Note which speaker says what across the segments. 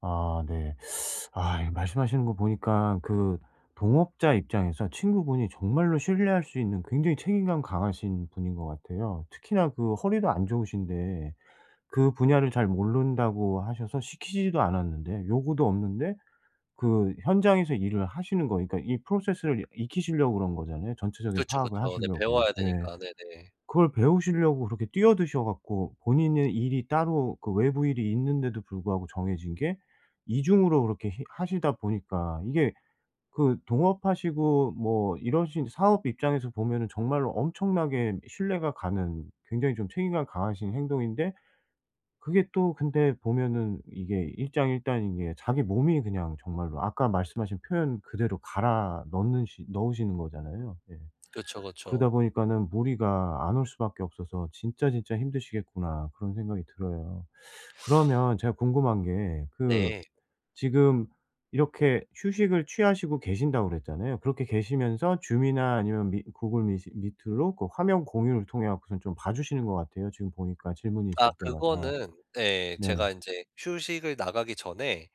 Speaker 1: 아 네. 아 이거 말씀하시는 거 보니까 그 동업자 입장에서 친구분이 정말로 신뢰할 수 있는 굉장히 책임감 강하신 분인 것 같아요. 특히나 그 허리도 안 좋으신데 그 분야를 잘 모른다고 하셔서 시키지도 않았는데 요구도 없는데 그 현장에서 일을 하시는 거 그러니까 이 process를 이 익히시려고 그런 거잖아요. 전체적인
Speaker 2: 그렇죠,
Speaker 1: 파악을
Speaker 2: 그렇죠. 네
Speaker 1: 하시려고.
Speaker 2: 배워야
Speaker 1: 네.
Speaker 2: 되니까. 네네.
Speaker 1: 그걸 배우시려고 그렇게 뛰어드셔 갖고 본인의 일이 따로 그 외부 일이 있는데도 불구하고 정해진 게 2 중으로 그렇게 히 하시다 보니까 이게 그 동업하시고 뭐 이러신 사업 입장에서 보면은 정말로 엄청나게 신뢰가 가는 굉장히 좀 책임감이 강하신 행동인데 그게 또 근데 보면은 이게 일장일단인 게 자기 몸이 그냥 정말로 아까 말씀하신 표현 그대로 갈아 넣는 시 넣으시는 거잖아요. 예.
Speaker 2: 그쵸,
Speaker 1: 그러다
Speaker 2: 그쵸.
Speaker 1: 보니까는 무리가 안 올 수밖에 없어서 '진짜, 진짜 힘드시겠구나.' 그런 생각이 들어요. 그러면 제가 궁금한 게 그
Speaker 2: 네.
Speaker 1: 지금 이렇게 휴식을 취하시고 계신다고 그랬잖아요. 그렇게 계시면서 줌이나 아니면 미 구글 미시 미트로 그 화면 공유를 통해 갖고선 좀 봐주시는 것 같아요. 지금 보니까 질문이
Speaker 2: 아
Speaker 1: 있을 때마다.
Speaker 2: 그거는 네
Speaker 1: 네.
Speaker 2: 제가 인제 휴식을 나가기 전에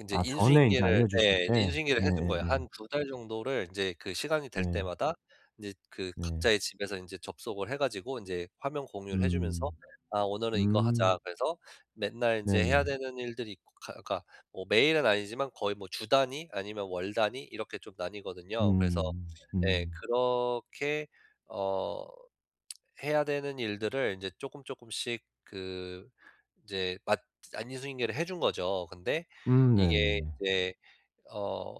Speaker 2: 인제
Speaker 1: 아 전에 이제
Speaker 2: 인수인계를
Speaker 1: 알려주실
Speaker 2: 예
Speaker 1: 때.
Speaker 2: 인수인계를 해둔 거예요.
Speaker 1: 네예예.
Speaker 2: 1-2 달 정도를 이제 그 시간이 될
Speaker 1: 네.
Speaker 2: 때마다 이제 그
Speaker 1: 네.
Speaker 2: 각자의 집에서 인제 접속을 해 가지고 인제 화면 공유를 해 주면서
Speaker 1: 음.
Speaker 2: "아 오늘은 이거 하자."
Speaker 1: 음.
Speaker 2: 그래서 맨날 인제 해야
Speaker 1: 네네.
Speaker 2: 되는 일들이 있고 가 그러니까 뭐 매일은 아니지만 거의 뭐 주 단위 아니면 월 단위 이렇게 좀 나뉘거든요. 그래서
Speaker 1: 음.
Speaker 2: 예
Speaker 1: 음.
Speaker 2: 그렇게 어 해야 되는 일들을 이제 조금조금씩 그 이제 맞 아니 인수인계를 해준 거죠. 근데
Speaker 1: 음
Speaker 2: 이게
Speaker 1: 네네네.
Speaker 2: 이제 어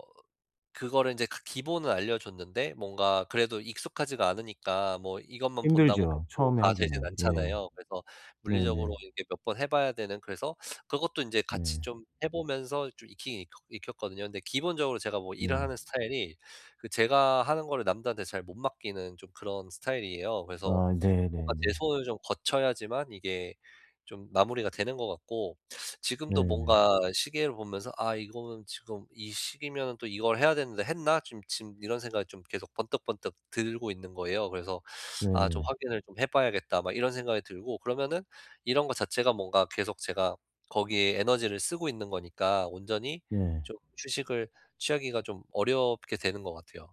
Speaker 2: 그거를 인제 그 기본을 알려줬는데 뭔가 그래도 익숙하지가 않으니까 뭐 이것만 본다고 백
Speaker 1: 힘들죠
Speaker 2: 프로
Speaker 1: 처음에
Speaker 2: 다 되진
Speaker 1: 하기는. 예.
Speaker 2: 않잖아요. 그래서 물리적으로
Speaker 1: 네네.
Speaker 2: 이렇게 몇 번 해봐야 되는 그래서 그것도 인제 같이
Speaker 1: 네.
Speaker 2: 좀 해 보면서 좀 익히긴 익혔거든요. 근데 기본적으로 제가 뭐 일을
Speaker 1: 네.
Speaker 2: 하는 스타일이 그 제가 하는 거를 남들한테 잘 못 맡기는 좀 그런 스타일이에요. 그래서
Speaker 1: 아
Speaker 2: 뭔가 제
Speaker 1: 네네네.
Speaker 2: 손을 좀 거쳐야지만 이게 좀 마무리가 되는 것 같고 지금도
Speaker 1: 네네.
Speaker 2: 뭔가 시계를 보면서 '아 이거는 지금 이 시기면은 또 이걸 해야 되는데 했나?' 좀 지금 이런 생각이 좀 계속 번뜩번뜩 들고 있는 거예요. 그래서 '아 좀
Speaker 1: 네네.
Speaker 2: 확인을 좀 해봐야겠다.' 막 이런 생각이 들고 그러면은 이런 거 자체가 뭔가 계속 제가 거기에 에너지를 쓰고 있는 거니까 온전히
Speaker 1: 네.
Speaker 2: 좀 휴식을 취하기가 좀 어렵게 되는 것 같아요.